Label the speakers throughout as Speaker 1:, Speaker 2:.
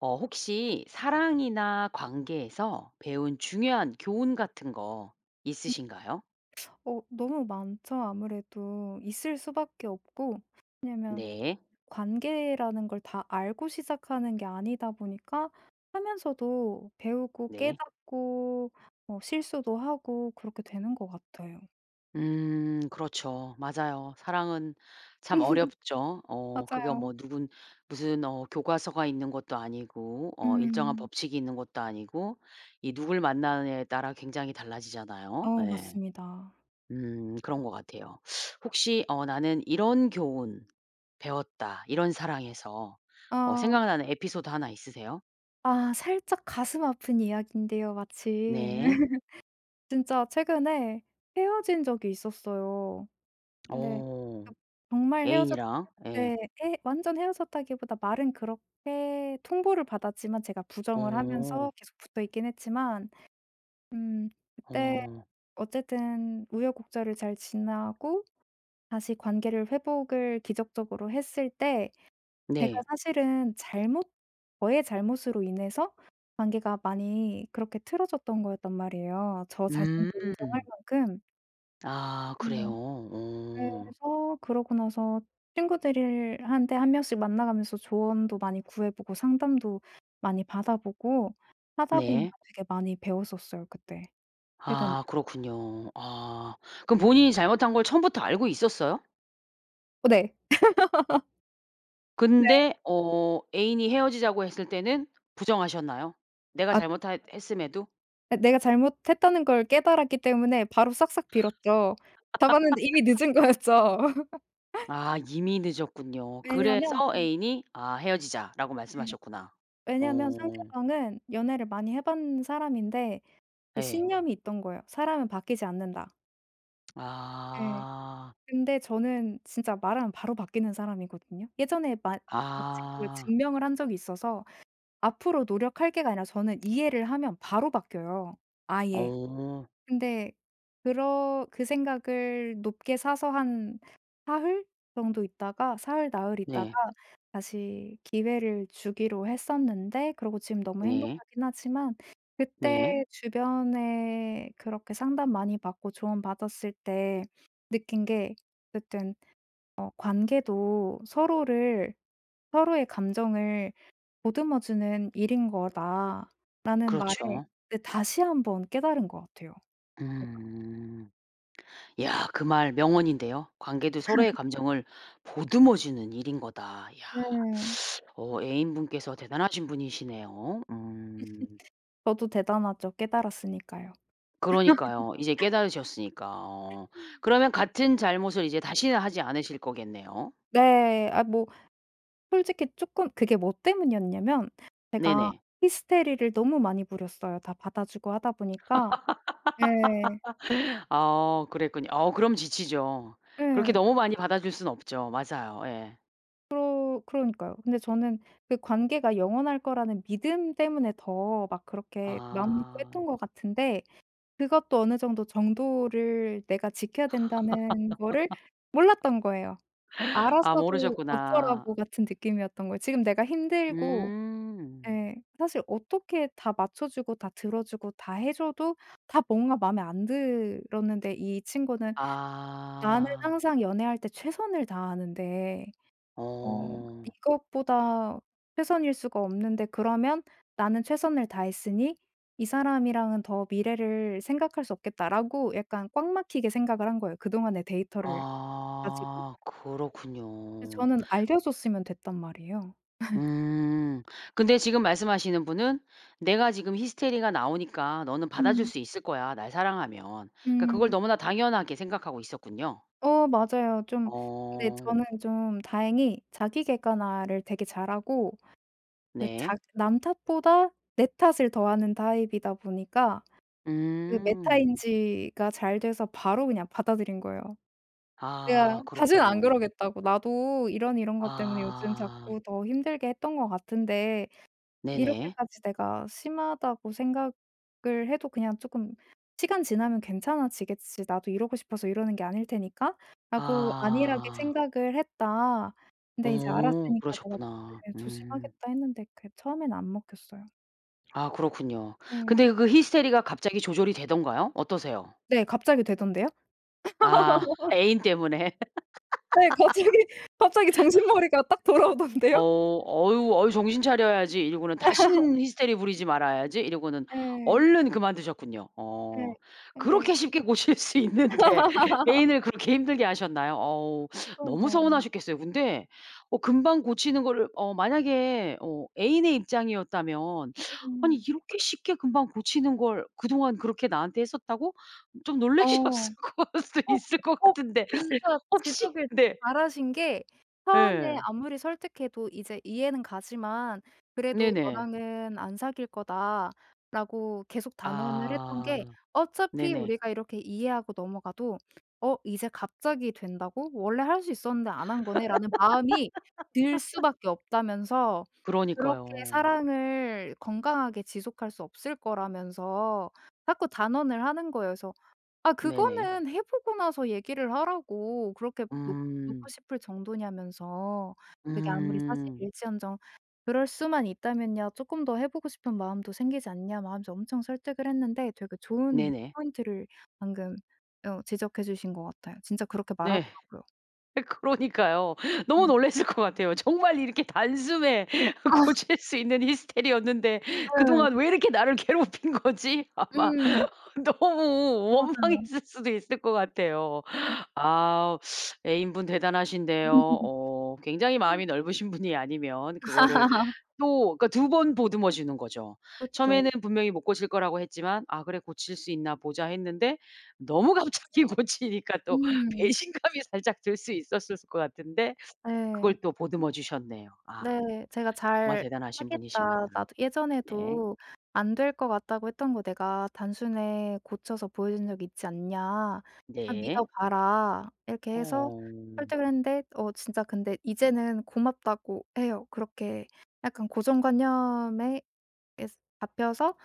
Speaker 1: 어 혹시 사랑이나 관계에서 배운 중요한 교훈 같은 거
Speaker 2: 음.
Speaker 1: 있으신가요?
Speaker 2: 어 너무 많죠 아무래도. 있을 수 밖에 없고. 왜냐하면
Speaker 1: 네.
Speaker 2: 관계라는 걸 다 알고 시작하는 게 아니다 보니까 하면서도 배우고
Speaker 1: 네.
Speaker 2: 깨닫고 뭐 실수도 하고 그렇게 되는 것 같아요.
Speaker 1: 음. 그렇죠. 맞아요. 사랑은 참 어렵죠. 어 그게
Speaker 2: 맞아요.
Speaker 1: 뭐 누군 무슨 어 교과서가 있는 것도 아니고 어 일정한
Speaker 2: 음.
Speaker 1: 법칙이 있는 것도 아니고 이 누굴 만나느냐에 따라 굉장히 달라지잖아요.
Speaker 2: 어
Speaker 1: 예.
Speaker 2: 맞습니다.
Speaker 1: 음 그런 것 같아요. 혹시 어 '나는 이런 교훈 배웠다 이런 사랑에서.' 어
Speaker 2: 아.
Speaker 1: 생각나는 에피소드 1 있으세요?
Speaker 2: 아 살짝 가슴 아픈 이야기인데요 마침.
Speaker 1: 네.
Speaker 2: 진짜 최근에 헤어진 적이 있었어요. 근데 그
Speaker 1: 어
Speaker 2: 정말 헤어졌
Speaker 1: 애인이랑 예.
Speaker 2: 네 헤 완전 헤어졌다기보다 말은 그렇게 통보를 받았지만 제가 부정을 하면서
Speaker 1: 어.
Speaker 2: 계속 붙어 있긴 했지만 음 그때
Speaker 1: 어.
Speaker 2: 어쨌든 우여곡절을 잘 지나고 다시 관계를 회복을 기적적으로 했을 때 제가
Speaker 1: 네.
Speaker 2: 사실은 잘못 저의 잘못으로 인해서 관계가 많이 그렇게 틀어졌던 거였단 말이에요 저 자신도
Speaker 1: 음.
Speaker 2: 인정할 만큼
Speaker 1: 아
Speaker 2: 네.
Speaker 1: 그래요? 어.
Speaker 2: 그래서 그러고 나서 친구들을 한테 1 명씩 만나 가면서 조언도 많이 구해 보고 상담도 많이 받아 보고 하다
Speaker 1: 네.
Speaker 2: 보니까 되게 많이 배웠었어요 그때. 최근에.
Speaker 1: 아 그렇군요. 아. 그럼 본인이 잘못한 걸 처음부터 알고 있었어요?
Speaker 2: 어 네. 네.
Speaker 1: 근데 어 애인이 헤어지자고 했을 때는 부정하셨나요? 내가
Speaker 2: 아 그쵸.
Speaker 1: 잘못핬 했음에도?
Speaker 2: 아 내가 잘못했다는 걸 깨달았기 때문에 바로 싹싹 빌었죠. 잡았는데 이미 늦은 거였죠.
Speaker 1: 아 이미 늦었군요. 그래서
Speaker 2: 왜냐면 음.
Speaker 1: 애인이 아 "헤어지자."라고
Speaker 2: 네.
Speaker 1: 말씀하셨구나.
Speaker 2: 왜냐면
Speaker 1: 오.
Speaker 2: 상대방은 연애를 많이 해 본 사람인데 그
Speaker 1: 예.
Speaker 2: 신념이 있던 거예요. '사람은 바뀌지 않는다.' 네.
Speaker 1: 아.
Speaker 2: 근데 저는 진짜 말하면 바로 바뀌는 사람이거든요. 예전에 마 마침 그걸
Speaker 1: 아.
Speaker 2: 증명을 한 적이 있어서 "앞으로 노력할게."가 아니라 저는 이해를 하면 바로 바뀌어요 아예.
Speaker 1: 어.
Speaker 2: 근데 그러 그 생각을 높게 사서 한 사흘? 정도 있다가 사흘, 나흘 있다가
Speaker 1: 네.
Speaker 2: 다시 기회를 주기로 했었는데 그러고 지금 너무
Speaker 1: 네.
Speaker 2: 행복하긴 하지만
Speaker 1: 네.
Speaker 2: 그때 주변에 그렇게 상담 많이 받고 조언 받았을 때 느낀 게 어쨌든 어 '관계도 서로를 서로의 감정을 보듬어 주는 일인 거다.'라는 말을
Speaker 1: 그렇죠.
Speaker 2: 그때 다시 한번 깨달은 것 같아요, 제가.
Speaker 1: 음. 야 그 말 명언인데요. "관계도 서로의 감정을 보듬어 주는 일인 거다." 야.
Speaker 2: 네.
Speaker 1: 어 애인분께서 대단하신 분이시네요. 음.
Speaker 2: 저도 대단하죠. 깨달았으니까요.
Speaker 1: 그러니까요. 이제 깨달으셨으니까 어. 그러면 같은 잘못을 이제 다시는 하지 않으실 거겠네요?
Speaker 2: 네. 아 뭐 솔직히 쪼끔 그게 뭐 때문이었냐면 제가
Speaker 1: 네네.
Speaker 2: 히스테리를 너무 많이 부렸어요, 다 받아 주고 하다 보니까. 예.
Speaker 1: 어 그랬군요. 어 그럼 지치죠. 그렇게
Speaker 2: 예.
Speaker 1: 너무 많이 받아줄 순 없죠. 맞아요. 예.
Speaker 2: 그러 그러니까요. 근데 저는 그 관계가 영원할 거라는 믿음 때문에 더 막 그렇게 마음 놓고
Speaker 1: 아.
Speaker 2: 했던 것 같은데 그것도 어느 정도 정도를 내가 지켜야 된다는 거를 몰랐던 거예요.
Speaker 1: 아
Speaker 2: 알았어도 '어쩌라고?'
Speaker 1: 모르셨구나.
Speaker 2: 같은 느낌이었던 거예요. 지금 내가 힘들고
Speaker 1: 음.
Speaker 2: 예 사실 어떻게 다 맞춰 주고 다 들어 주고 다 해 줘도 다 뭔가 마음에 안 들었는데 이 친구는 '나는
Speaker 1: 아.
Speaker 2: 항상 연애할 때 최선을 다하는데 어
Speaker 1: 어.
Speaker 2: 이것보다 최선일 수가 없는데 그러면 나는 최선을 다했으니 이 사람이랑은 더 미래를 생각할 수 없겠다.'라고 약간 꽉 막히게 생각을 한 거예요 그동안의 데이터를 가지고.
Speaker 1: 아
Speaker 2: 근데
Speaker 1: 그렇군요.
Speaker 2: 저는 알려줬으면 됐단 말이에요.
Speaker 1: 음. 근데 지금 말씀하시는 분은 '내가 지금 히스테리가 나오니까 너는 받아줄
Speaker 2: 음.
Speaker 1: 수 있을 거야 날 사랑하면.' 그러니까 그걸
Speaker 2: 음.
Speaker 1: 너무나 당연하게 생각하고 있었군요.
Speaker 2: 어 맞아요. 좀 근데
Speaker 1: 어.
Speaker 2: 저는 좀 다행히 자기 객관화를 되게 잘하고 그
Speaker 1: 네.
Speaker 2: 자기 남 탓보다 내 탓을 더하는 타입이다 보니까 그
Speaker 1: 음.
Speaker 2: 메타인지가 잘 돼서 바로 그냥 받아들인 거예요. "내가
Speaker 1: 아
Speaker 2: 다시는 안
Speaker 1: 그렇군요.
Speaker 2: 그러겠다."고 "나도 이런 이런 것 때문에 요즘
Speaker 1: 아.
Speaker 2: 자꾸 더 힘들게 했던 것 같은데
Speaker 1: 네네.
Speaker 2: '이렇게까지 내가 심하다고 생각을 해도 그냥 쪼끔 시간 지나면 괜찮아지겠지. 나도 이러고 싶어서 이러는 게 아닐 테니까.'라고 안일하게
Speaker 1: 아.
Speaker 2: 생각을 했다. 근데 이제
Speaker 1: 어
Speaker 2: 알았으니까 내가
Speaker 1: 그러셨구나
Speaker 2: 조금
Speaker 1: 음.
Speaker 2: 조심하겠다." 했는데 그게 처음에는 안 먹혔어요.
Speaker 1: 아 그렇군요.
Speaker 2: 예.
Speaker 1: 근데 그 히스테리가 갑자기 조절이 되던가요? 어떠세요?
Speaker 2: 네. 갑자기 되던데요?
Speaker 1: 아 애인 때문에.
Speaker 2: 네. 갑자기, 갑자기 정신머리가 딱
Speaker 1: '어
Speaker 2: 돌아오던데요.
Speaker 1: 어유, 어유 정신 차려야지.' 이러고는 '다시는 히스테리 부리지 말아야지.' 이러고는
Speaker 2: 예.
Speaker 1: 얼른 그만두셨군요.
Speaker 2: 예.
Speaker 1: 어.
Speaker 2: 근데
Speaker 1: 그렇게 쉽게 고칠 수 있는데 애인을 그렇게 힘들게 하셨나요? 어우 너무
Speaker 2: 그러니까요.
Speaker 1: 서운하셨겠어요. 근데 어 금방 고치는 거를 어 만약에 어 애인의 입장이었다면 '아니
Speaker 2: 음.
Speaker 1: 이렇게 쉽게 금방 고치는 걸 그동안 그렇게 나한테 했었다고?' 좀
Speaker 2: 어.
Speaker 1: 놀라셨을 걸 수도
Speaker 2: 어
Speaker 1: 있을 것
Speaker 2: 어
Speaker 1: 같은데
Speaker 2: 진짜
Speaker 1: 혹시
Speaker 2: 지적을
Speaker 1: 네.
Speaker 2: 잘 하신 게 처음에
Speaker 1: 예.
Speaker 2: 아무리 설득해도 "이제 이해는 가지만 그래도
Speaker 1: 네네.
Speaker 2: 너랑은 안 사귈 거다."라고 계속 단언을 했던
Speaker 1: 아.
Speaker 2: 게 어차피
Speaker 1: 네네.
Speaker 2: 우리가 이렇게 이해하고 넘어가도 '어 이제 갑자기 된다고? 원래 할 수 있었는데 안 한 거네?'라는 마음이 들 수밖에 없다면서 그렇게
Speaker 1: 그러니까요.
Speaker 2: 사랑을 건강하게 지속할 수 없을 거라면서 자꾸 단언을 하는 거예요. 그래서 아
Speaker 1: 네네.
Speaker 2: 그거는 해 보고 나서 얘기를 하라고 그렇게 놓 놓고
Speaker 1: 음.
Speaker 2: 싶을 정도냐면서 "그게 아무리 사실
Speaker 1: 음.
Speaker 2: 일지언정 그럴 수만 있다면야 쪼끔 더 해 보고 싶은 마음도 생기지 않냐." 뭐 하면서 엄청 설득을 했는데 되게 좋은
Speaker 1: 네네.
Speaker 2: 포인트를 방금 어 지적해 주신 거 같아요. 진짜 그렇게
Speaker 1: 네.
Speaker 2: 말하더라고요.
Speaker 1: 그러니까요. 너무
Speaker 2: 어.
Speaker 1: 놀랐을 것 같아요. 정말 이렇게 단숨에
Speaker 2: 아.
Speaker 1: 고칠 수 있는 히스테리였는데 그동안
Speaker 2: 네.
Speaker 1: 왜 이렇게 나를 괴롭힌 거지? 아마
Speaker 2: 음.
Speaker 1: 너무
Speaker 2: 맞아요.
Speaker 1: 원망했을 수도 있을 것 같아요.
Speaker 2: 그니까요.
Speaker 1: 아 애인 분 대단하신데요. 어 굉장히
Speaker 2: [unintelligible]
Speaker 1: 마음이 넓으신 분이 아니면 그거를 또 그러니까 2 번 보듬어 주는 거죠.
Speaker 2: 그쵸.
Speaker 1: 처음에는 분명히 못 고칠 거라고 했지만 '아 그래 고칠 수 있나 보자.' 했는데 너무 갑자기 고치니까 또
Speaker 2: 음.
Speaker 1: 배신감이 살짝 들 수 있었을 것 같은데 그걸
Speaker 2: 예.
Speaker 1: 또 보듬어 주셨네요. 아.
Speaker 2: 네. 제가
Speaker 1: 정말
Speaker 2: "잘
Speaker 1: 대단하신 분이십니다.
Speaker 2: 하겠다. 나도
Speaker 1: 네.
Speaker 2: 예전에도 안 될 거 같다고 했던 거 내가 단숨에 고쳐서 보여준 적이 있지 않냐. 나
Speaker 1: 네.
Speaker 2: 믿어 봐라." 이렇게 해서
Speaker 1: 어.
Speaker 2: 설득을 했는데 어 진짜 근데 이제는 고맙다고 해요. 그렇게 약간 고정관념에 계속 잡혀서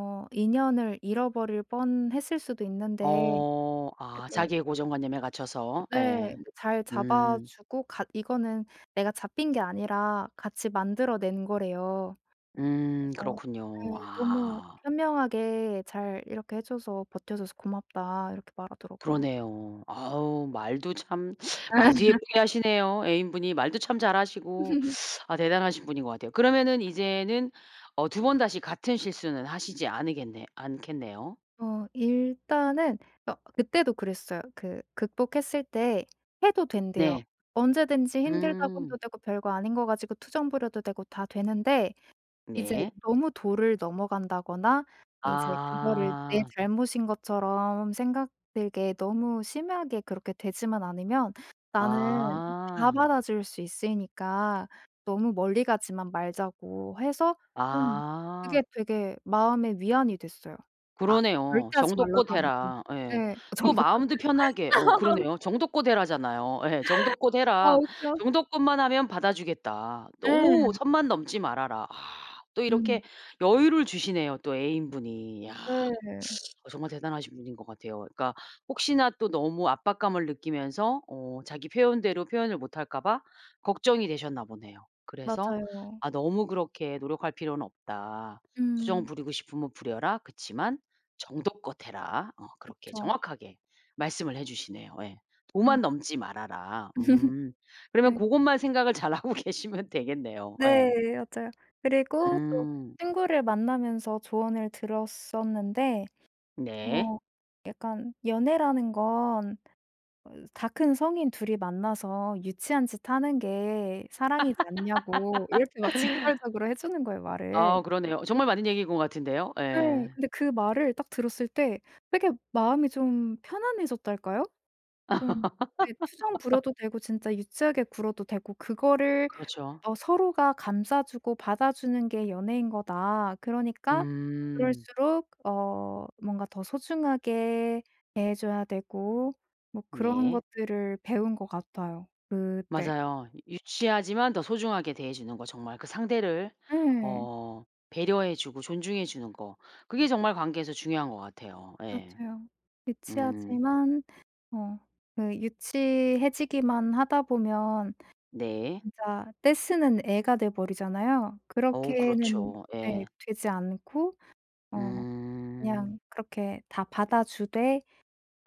Speaker 2: 어 인연을 잃어버릴 뻔 했을 수도 있는데
Speaker 1: 어 아
Speaker 2: 이렇게
Speaker 1: 자기의 고정관념에 갇혀서
Speaker 2: 네.
Speaker 1: 예.
Speaker 2: 그 잘
Speaker 1: 음.
Speaker 2: 잡아주고 같 이거는 내가 잡힌 게 아니라 같이 만들어 낸 거래요.
Speaker 1: 음
Speaker 2: 그래서
Speaker 1: 그렇군요.
Speaker 2: 네. "너무
Speaker 1: 아.
Speaker 2: 현명하게 잘 이렇게 해 줘서 버텨 줘서 고맙다." 이렇게 말하더라고요.
Speaker 1: 그러네요. 아우 말도 참 말도 예쁘게 하시네요. 애인 분이 말도 참 잘하시고. 아 대단하신 분인 것 같아요. 그러면은 이제는 어 2 번 다시 같은 실수는 하시지 않으겠네 않겠네요.
Speaker 2: 어 일단은 여 그때도 그랬어요. 그 극복했을 때 해도 된대요.
Speaker 1: 네.
Speaker 2: "언제든지 힘들다고
Speaker 1: 음.
Speaker 2: 해도 되고 별거 아닌 거 가지고 투정 부려도 되고 다 되는데 이제
Speaker 1: 네.
Speaker 2: 너무 도를 넘어간다거나 이제 그거를 내
Speaker 1: 아.
Speaker 2: 잘못인 것처럼 생각되게 너무 심하게 그렇게 되지만 않으면 나는 다
Speaker 1: 아.
Speaker 2: 받아줄 수 있으니까 너무 멀리 가지만 말자."고 해서 음. 그게
Speaker 1: 아.
Speaker 2: 되게 마음에 위안이 됐어요. 아 절대
Speaker 1: 그러네요.
Speaker 2: 하지 말라가
Speaker 1: "정도껏
Speaker 2: 아니고.
Speaker 1: 해라." 예.
Speaker 2: 예.
Speaker 1: 또
Speaker 2: "정도껏
Speaker 1: 마음도 편하게 어
Speaker 2: 해라."
Speaker 1: 그러네요. "정도껏 해라."잖아요. 예. "정도껏
Speaker 2: 아
Speaker 1: 해라.
Speaker 2: 웃겨.
Speaker 1: 정도껏만 하면 받아 주겠다. 너무
Speaker 2: 예.
Speaker 1: 선만 넘지 말아라." 아 또 이렇게
Speaker 2: 음.
Speaker 1: 여유를 주시네요 또 애인 분이. 야.
Speaker 2: 네.
Speaker 1: 정말 대단하신 분인 것 같아요. 그러니까 혹시나 또 너무 압박감을 느끼면서 어 자기 표현대로 표현을 못할까 봐 걱정이 되셨나 보네요. 그래서
Speaker 2: 맞아요.
Speaker 1: "아 너무 그렇게 노력할 필요는 없다. 투정
Speaker 2: 음.
Speaker 1: 부리고 싶으면 부려라. 그치만 정도껏 해라." 어 그렇게
Speaker 2: 그쵸.
Speaker 1: 정확하게 말씀을 해 주시네요. 예.
Speaker 2: 어.
Speaker 1: "도만 넘지 말아라." 음 그러면
Speaker 2: 네.
Speaker 1: 고것만 생각을 잘하고 계시면 되겠네요.
Speaker 2: 네.
Speaker 1: 예.
Speaker 2: 맞아요. 그리고 또
Speaker 1: 음.
Speaker 2: 친구를 만나면서 조언을 들었었는데
Speaker 1: 네.
Speaker 2: 어 약간 연애라는 건 어 다 큰 성인 2 이 만나서 유치한 짓 하는 게 사랑이지 않냐고 이렇게 막 직설적으로 해 주는 거예요 말을.
Speaker 1: 아 그러네요. 정말 맞는 얘기인 것 같은데요.
Speaker 2: 네.
Speaker 1: 예.
Speaker 2: 근데 그 말을 딱 들었을 때 되게 마음이 좀 편안해졌달까요? 좀 네. 투정 부려도 되고 진짜 유치하게 굴어도 되고 그거를
Speaker 1: 그렇죠.
Speaker 2: 더 서로가 감싸 주고 받아 주는 게 연애인 거다. 그러니까
Speaker 1: 음.
Speaker 2: 그럴수록 어 뭔가 더 소중하게 대해 줘야 되고 뭐 그런
Speaker 1: 네.
Speaker 2: 것들을 배운 거 같아요. 그때.
Speaker 1: 맞아요. 이 유치하지만 더 소중하게 대해 주는 거 정말 그 상대를
Speaker 2: 예.
Speaker 1: 어 배려해 주고 존중해 주는 거 그게 정말 관계에서 중요한 것 같아요. 예.
Speaker 2: 맞아요.
Speaker 1: 음.
Speaker 2: 유치하지만 어 그 유치해지기만 하다 보면
Speaker 1: 네.
Speaker 2: 진짜 떼쓰는 애가 돼 버리잖아요.
Speaker 1: 어우
Speaker 2: 그렇게는
Speaker 1: 그렇죠. 예.
Speaker 2: 예. 되지 않고 어
Speaker 1: 음.
Speaker 2: 그냥 그렇게 다 받아 주되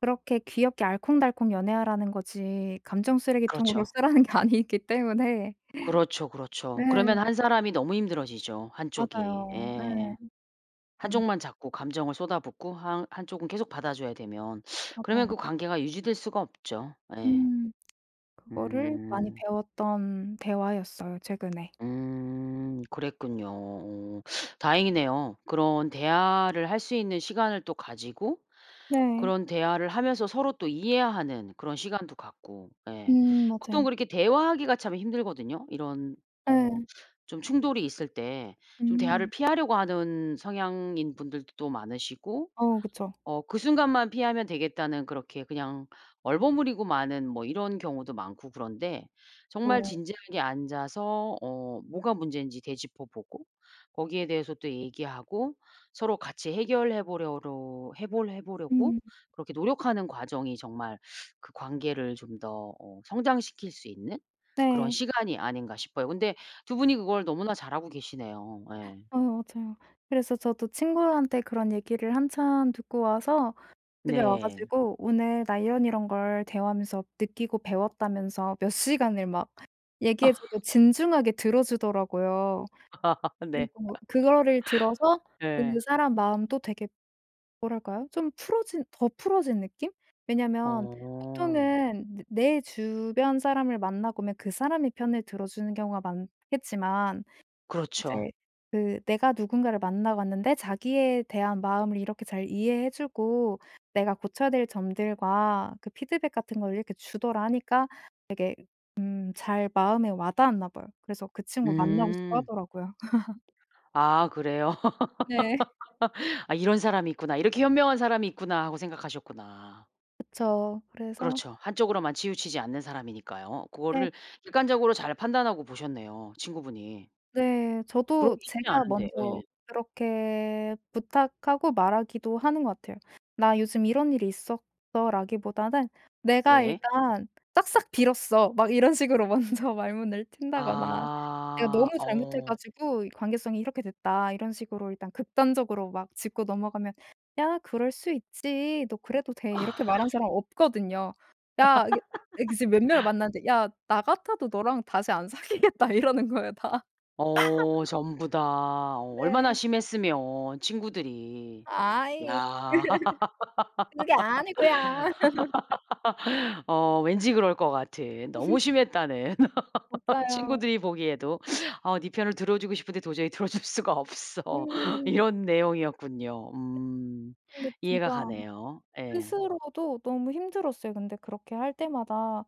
Speaker 2: 그렇게 귀엽게 알콩달콩 연애하라는 거지 감정 쓰레기통으로
Speaker 1: 그렇죠.
Speaker 2: 쓰라는 게 아니기 때문에
Speaker 1: 그렇죠
Speaker 2: 네.
Speaker 1: 그렇죠. 그러면 한 사람이 너무 힘들어지죠. 한 쪽이
Speaker 2: 맞아요.
Speaker 1: 예.
Speaker 2: 예.
Speaker 1: 한
Speaker 2: 음.
Speaker 1: 쪽만 자꾸 감정을 쏟아붓고 한 한 쪽은 계속 받아 줘야 되면 그러면
Speaker 2: 맞아요.
Speaker 1: 그 관계가 유지될 수가 없죠 예.
Speaker 2: 음 그거를 많이
Speaker 1: 음.
Speaker 2: 배웠던 대화였어요 최근에.
Speaker 1: 음 그랬군요. 어 다행이네요. 그런 대화를 할 수 있는 시간을 또 가지고
Speaker 2: 네.
Speaker 1: 그런 대화를 하면서 서로 또 이해하는 그런 시간도 갖고 예.
Speaker 2: 음
Speaker 1: 보통
Speaker 2: 맞아요.
Speaker 1: 그렇게 대화하기가 참 힘들거든요. 이런 어
Speaker 2: 예.
Speaker 1: 좀 충돌이 있을 때 좀 대화를
Speaker 2: 음.
Speaker 1: 피하려고 하는 성향인 분들도 또 많으시고
Speaker 2: 어 그쵸.
Speaker 1: 어 그 순간만 피하면 되겠다는 그렇게 그냥 얼버무리고 마는 뭐 이런 경우도 많고 그런데 정말
Speaker 2: 오.
Speaker 1: 진지하게 앉아서 어 뭐가 문제인지 되짚어보고 거기에 대해서 또 얘기하고 서로 같이 해결해 보려로 해 볼 해 보려고
Speaker 2: 음.
Speaker 1: 그렇게 노력하는 과정이 정말 그 관계를 좀 더 어 성장시킬 수 있는 그런
Speaker 2: 네.
Speaker 1: 시간이 아닌가 싶어요. 근데 2 분이 그걸 너무나 잘하고 계시네요. 예.
Speaker 2: 아이 맞아요. 그래서 저도 친구들한테 그런 얘기를 한참 듣고 와서 집에 와
Speaker 1: 네.
Speaker 2: 가지고 오늘 나 이런 이런 걸 대화하면서 느끼고 배웠다면서 몇 시간을 막 얘기해 주고 진중하게 들어 주더라고요.
Speaker 1: 네.
Speaker 2: 그리고 그거를 들어서 그
Speaker 1: 예.
Speaker 2: 사람 마음도 되게 뭐랄까요? 좀 풀어진 더 풀어진 느낌? 왜냐면
Speaker 1: 어.
Speaker 2: 보통은 내 내 주변 사람을 만나보면 그 사람의 편을 들어주는 경우가 많겠지만 이제
Speaker 1: 그렇죠.
Speaker 2: 그 "내가 누군가를 만나 봤는데 자기에 대한 마음을 이렇게 잘 이해해 주고 내가 고쳐야 될 점들과 그 피드백 같은 걸 이렇게 주더라." 하니까 되게 음 잘 마음에 와 닿았나 봐요. 그래서 그 친구 만나고 싶어
Speaker 1: 음.
Speaker 2: 하더라고요.
Speaker 1: 아 그래요?
Speaker 2: 네.
Speaker 1: '아 이런 사람이 있구나. 이렇게 현명한 사람이 있구나.' 하고 생각하셨구나.
Speaker 2: 그쵸. 그래서
Speaker 1: 그렇죠. 한쪽으로만 치우치지 않는 사람이니까요.
Speaker 2: 네.
Speaker 1: 고거를 객관적으로 잘 판단하고 보셨네요 친구분이.
Speaker 2: 네. 저도
Speaker 1: 그러기 쉽지
Speaker 2: 제가
Speaker 1: 않은데.
Speaker 2: 먼저
Speaker 1: 예.
Speaker 2: 그렇게 부탁하고 말하기도 하는 것 같아요. "나 요즘 이런 일이 있었어."라기보다는 "내가
Speaker 1: 네.
Speaker 2: 일단 싹싹 빌었어." 막 이런 식으로 먼저 말문을 튼다거나 "내가 너무
Speaker 1: 아
Speaker 2: 잘못해
Speaker 1: 어.
Speaker 2: 가지고 이 관계성이 이렇게 됐다." 이런 식으로 일단 극단적으로 막 짚고 넘어가면 "야 그럴 수 있지. 너 그래도 돼." 이렇게 말하는 사람 없거든요. "야 이게 이게 지금 몇 명을 만났는데 야 나 같아도 너랑 다시 안 사귀겠다." 이러는 거예요 다.
Speaker 1: 어 전부 다. 어 얼마나
Speaker 2: 네.
Speaker 1: 심했으면 친구들이.
Speaker 2: 아이
Speaker 1: 야.
Speaker 2: 그게 아니고요.
Speaker 1: 어 왠지 그럴 것 같은 너무 심했다는
Speaker 2: 맞아요.
Speaker 1: 친구들이 보기에도 어 "네 편을 들어 주고 싶은데 도저히 들어 줄 수가 없어."
Speaker 2: 음.
Speaker 1: 이런 내용이었군요.
Speaker 2: 네.
Speaker 1: 음.
Speaker 2: 근데
Speaker 1: 이해가
Speaker 2: 진짜
Speaker 1: 가네요. 예.
Speaker 2: 스스로도 너무 힘들었어요 근데 그렇게 할 때마다.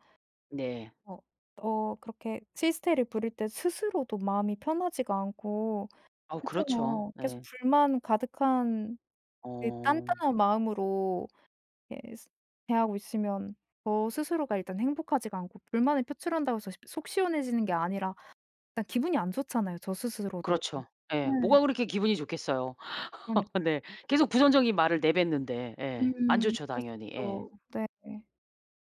Speaker 1: 네.
Speaker 2: 어 어 그렇게 히스테리를 부릴 때 스스로도 마음이 편하지가 않고
Speaker 1: 아우 그렇죠.
Speaker 2: 그렇잖아요. 계속
Speaker 1: 네.
Speaker 2: 불만 가득한 그
Speaker 1: 어.
Speaker 2: 딴딴한 마음으로 예 스 대하고 있으면 저 스스로가 일단 행복하지가 않고 불만을 표출한다고 해서 십 속 시원해지는 게 아니라 일단 기분이 안 좋잖아요 저 스스로도.
Speaker 1: 그렇죠. 예.
Speaker 2: 네.
Speaker 1: 뭐가 그렇게 기분이 좋겠어요.
Speaker 2: 그러니까요.
Speaker 1: 네. 계속 부정적인 말을 내뱉는데. 예. 안
Speaker 2: 음.
Speaker 1: 좋죠
Speaker 2: 그럴 수
Speaker 1: 당연히. 예.
Speaker 2: 있죠. 네.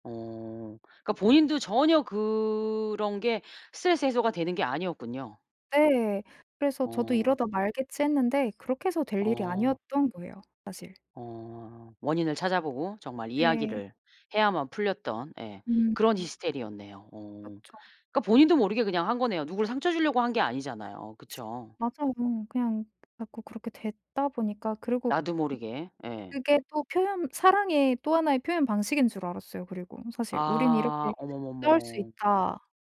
Speaker 1: 어 그러니까 본인도 전혀 그런 게 스트레스 해소가 되는 게 아니었군요.
Speaker 2: 네. 그래서 저도
Speaker 1: 어.
Speaker 2: '이러다 말겠지.' 했는데 그렇게 해서 될 일이
Speaker 1: 어.
Speaker 2: 아니었던 거예요 사실.
Speaker 1: 어. 원인을 찾아 보고 정말
Speaker 2: 네.
Speaker 1: 이야기를 해야만 풀렸던 예
Speaker 2: 음.
Speaker 1: 그런 히스테리였네요. 어.
Speaker 2: 그쵸.
Speaker 1: 그러니까 본인도 모르게 그냥 한 거네요. 누구를 상처 주려고 한 게 아니잖아요. 그쵸?
Speaker 2: 맞아요. 그냥 자꾸 그렇게 됐다 보니까 그리고
Speaker 1: 나도 모르게. 예.
Speaker 2: 그게 또 표현 사랑의 또 1 의 표현 방식인 줄 알았어요 그리고 사실. '우린
Speaker 1: 아
Speaker 2: 이렇게 싸울 수
Speaker 1: 어머머머.
Speaker 2: 있다.'라는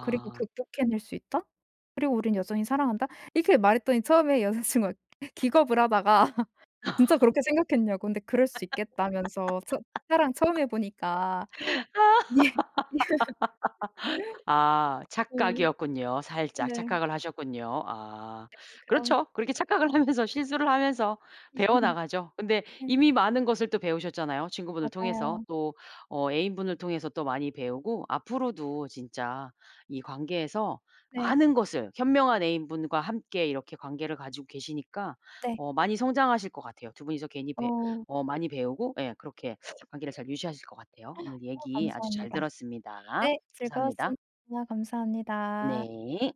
Speaker 2: 그리고 '극복해낼 수 있다.' 그리고 '우린 여전히 사랑한다.' 이렇게 말했더니 처음에 여자친구가 기겁을 하다가 진짜 그렇게 생각했냐고. 근데 그럴 수 있겠다면서 처 사랑 처음 해 보니까. 예.
Speaker 1: 아 아 착각이었군요. 살짝
Speaker 2: 네. 네.
Speaker 1: 착각을 하셨군요. 아.
Speaker 2: 약간 그런
Speaker 1: 그렇죠. 그렇게 착각을 하면서 실수를 하면서 배워 나가죠. 근데
Speaker 2: 네.
Speaker 1: 이미 많은 것을 또 배우셨잖아요 친구분을 통해서.
Speaker 2: 맞아요.
Speaker 1: 또 어 애인분을 통해서 또 많이 배우고 앞으로도 진짜 이 관계에서
Speaker 2: 네.
Speaker 1: 많은 것을 현명한 애인분과 함께 이렇게 관계를 가지고 계시니까
Speaker 2: 네.
Speaker 1: 어 많이 성장하실 것 같아요. 2 분이서 괜히 배
Speaker 2: 어.
Speaker 1: 어 많이 배우고 예 그렇게 관계를 잘 유지하실 것 같아요. 오늘
Speaker 2: 어
Speaker 1: 얘기 아주 잘
Speaker 2: 감사합니다.
Speaker 1: 들었습니다.
Speaker 2: 네.
Speaker 1: 감사합니다.
Speaker 2: 즐거웠습니다. 감사합니다.
Speaker 1: 네.